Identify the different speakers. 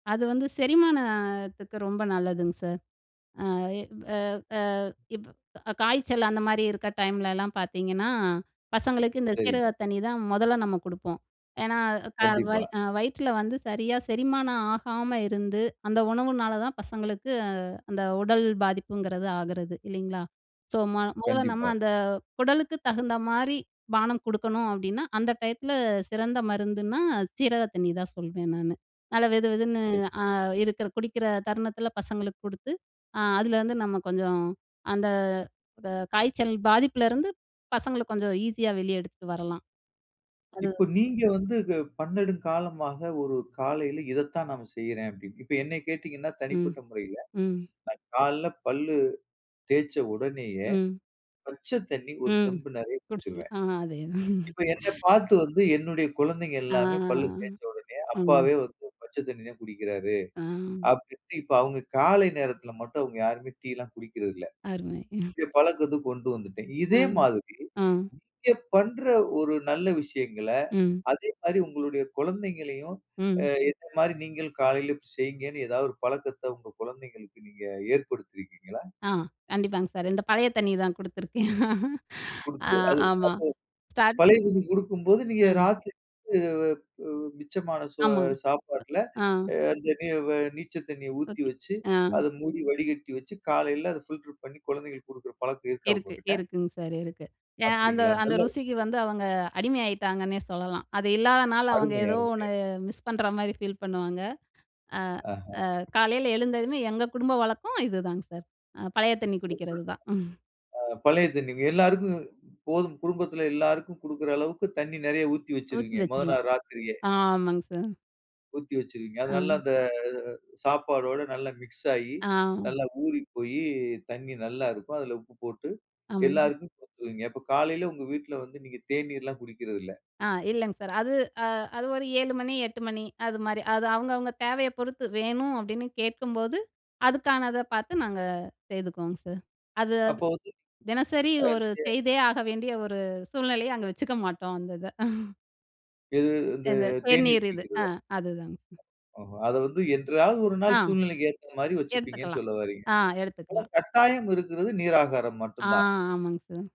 Speaker 1: அது வந்து, செரிமானத்துக்கு ரொம்ப நல்லதுங்க சார். அ இப் அ அ இப் காய்ச்சல் அந்த மாரி இருக்க டைம்லலாம் பார்த்தீங்கன்னா, பசங்களுக்கு இந்த சீரக
Speaker 2: சரிங்க.
Speaker 1: தண்ணி தான் மொதல்ல நம்ம குடுப்போம். ஏன்னா க
Speaker 2: கண்டிப்பா.
Speaker 1: வயி அ வயிற்றில வந்து சரியா செரிமானம் ஆகாம இருந்து, அந்த உணவுனால தான் பசங்களுக்கு, அந்த உடல் பாதிப்புங்கிறது ஆகிறது, இல்லைங்களா? ஸோ ம மொதல்ல நம்ம
Speaker 2: கண்டிப்பா.
Speaker 1: அந்த, குடலுக்கு தகுந்த மாரி பானம் குடுக்கணும். அப்படீன்னா அந்த டயத்தில சிறந்த மருந்துன்னா சீரக தண்ணி தான் சொல்வேன் நானு! நல்லா வெதுவெதுன்னு
Speaker 2: [unintelligible]
Speaker 1: அ இருக்கிற குடிக்கிற தருணத்தில பசங்களுக்கு குடுத்து. அ அதுலருந்து நம்ம கொஞ்சம், அந்த, வ காய்ச்சல் பாதிப்புலருந்து பசங்கள கொஞ்சம் ஈஸியா வெளிய எடுத்துட்டு வரலாம். அது
Speaker 2: இப்ப நீங்க வந்து கு "பன்னெடுங்காலமாக ஒரு காலையில இத தான் நான் செய்றேன்." அப்படீன்னு. இப்ப என்னைய கேட்டீங்கன்னா
Speaker 1: ம்.
Speaker 2: தனிப்பட்ட முறையில,
Speaker 1: ம்.
Speaker 2: நா காலையில பல்லு தேய்ச்ச உடனேயே,
Speaker 1: ம்.
Speaker 2: பச்ச தண்ணி 1
Speaker 1: ம்.
Speaker 2: செம்பு நெறைய
Speaker 1: குடிச்சுக்கணும்.
Speaker 2: குடிச்சுருவேன்.
Speaker 1: அ அதேதான்.
Speaker 2: இப்ப என்னப் பார்த்து வந்து என்னுடைய குழந்தைங்க
Speaker 1: ஆ.
Speaker 2: எல்லாமே பல்லு தேய்ச்ச உடனே,
Speaker 1: ம்.
Speaker 2: "அப்பாவே வந்து பச்ச தண்ணி தான் குடிக்கிறாரு."
Speaker 1: ஆ.
Speaker 2: அப்படீன்ட்டு இப்ப அவங்க காலை நேரத்தில மட்டும் அவங்க யாருமே டீ எல்லாம் குடிக்கிறதில்ல.
Speaker 1: அருமை.
Speaker 2: என் பழக்கத்த கொண்டு வந்துட்டேன்.
Speaker 1: அ.
Speaker 2: இதே மாதிரி,
Speaker 1: அம்
Speaker 2: நீங்க பண்ற ஒரு நல்ல விஷயங்கள,
Speaker 1: ம்.
Speaker 2: அதே மாரி உங்களுடைய குழந்தைங்களையும், அ
Speaker 1: ம்.
Speaker 2: இந்த மாரி நீங்களும் காலையில இப்படி செய்ங்கன்னு ஏதாவது ஒரு பழக்கத்த உங்க குழந்தைங்களுக்கு நீங்க ஏற்படுத்திருக்கீங்களா?
Speaker 1: அ, கண்டிப்பாங்க சார். இந்த பழைய தண்ணிய தான் குடுத்துருக்கேன். அ
Speaker 2: குடுத்து அது
Speaker 1: ஆமா.
Speaker 2: அப்போ பழைய
Speaker 1: ஸ்டார்ட்டிங்
Speaker 2: தண்ணி குடுக்கும்போது நீங்க
Speaker 1: அ.
Speaker 2: ராத்திரி வந்து வ உ மிச்சமான சோ
Speaker 1: ஆமா.
Speaker 2: சாப்பாட்டில
Speaker 1: அ.
Speaker 2: அந்த நீ வ நீச்ச தண்ணிய ஊத்தி
Speaker 1: ஓகே.
Speaker 2: வச்சு,
Speaker 1: அ.
Speaker 2: அத மூடி வடிகட்டி வச்சு, காலையில அத ஃபில்டர் பண்ணி, குழந்தைகளுக்கு குடுக்கிற பழக்கம் இருக்கா
Speaker 1: இருக்கு,
Speaker 2: உங்ககிட்ட?
Speaker 1: இருக்குங்க சார், இருக்கு. ஏன் அந்த
Speaker 2: அப்படிங்களா!
Speaker 1: அந்த
Speaker 2: நல்ல
Speaker 1: ருசிக்கு வந்து அவங்க அடிமை ஆயிட்டாங்கன்னே சொல்லலாம். அது இல்லாத நாள் அவங்க
Speaker 2: அருமை. அருமையா
Speaker 1: ஏதோ
Speaker 2: இருக்கு.
Speaker 1: ஒண்ணு மிஸ் பண்ற மாரி ஃபீல் பண்ணுவாங்க. அ
Speaker 2: ஆஹா.
Speaker 1: அ காலைல எழுந்ததுமே எங்க குடும்ப வழக்கம் இதுதாங்க சார். அ பழைய தண்ணி
Speaker 2: ரொம்ப
Speaker 1: குடிக்கிறது தான்.
Speaker 2: அ பழைய தண்ணி. எல்லாருக்கும் போதும், குடும்பத்துல எல்லாருக்கும் குடுக்கிற அளவுக்கு தண்ணி நெறைய ஊத்தி
Speaker 1: ஊத்தி
Speaker 2: வச்சுருவீங்க மொத
Speaker 1: வச்சுருவோம்.
Speaker 2: நாள் ராத்திரியே.
Speaker 1: ஆமாங்க சார்.
Speaker 2: ஊத்தி வச்சுருவீங்க. அது நல்ல
Speaker 1: அ.
Speaker 2: இந்த சாப்பாடோட நல்லா மிக்ஸ் ஆயி
Speaker 1: ஆ.
Speaker 2: நல்லா ஊறி போயி, தண்ணி நல்லா இருக்கும். அதுல உப்பு போட்டு
Speaker 1: ஆமங்
Speaker 2: எல்லாருக்கும் குடுத்துருவீங்க. அப்ப காலைல உங்க வீட்ல வந்து நீங்க தேநீர்ல்லாம் குடிக்கிறது இல்ல!
Speaker 1: அ, இல்லைங்க சார். அது அ அது ஒரு 7 மணி 8 மணி அது மாரி. அது அவங்க அவங்க தேவைய பொறுத்து. வேணும் அப்படீன்னு கேட்கும்போது அதுக்கானத பார்த்து நாங்க செய்துக்குவோங்க சார். அது
Speaker 2: அப்போ வந்து
Speaker 1: தினசரி
Speaker 2: அ,
Speaker 1: ஒரு
Speaker 2: நீங்க
Speaker 1: செய்தே ஆக வேண்டிய ஒரு சூழ்நிலைய, அங்க வச்சுக்க மாட்டோம் அந்த இத.
Speaker 2: எது? இந்த
Speaker 1: இந்த
Speaker 2: தேநீர்
Speaker 1: தேநீர் இது. அ
Speaker 2: குடிக்கிறதா?
Speaker 1: அதுதாங்க சார்.
Speaker 2: ஓஹோ, அத வந்து என்றாவது ஒரு
Speaker 1: அ.
Speaker 2: நாள் சூழ்நிலைக்கு ஏத்தா மாரி வச்சுப்பீங்கன்னு
Speaker 1: எடுத்துக்கலாம்.
Speaker 2: சொல்ல வர்றீங்க.
Speaker 1: ஆ,
Speaker 2: ஆனா
Speaker 1: எடுத்துக்கலாம்.
Speaker 2: கட்டாயம் இருக்கிறது நீராகாரம்
Speaker 1: ஆ!
Speaker 2: மட்டும் தான்.
Speaker 1: ஆமாங்க சார்.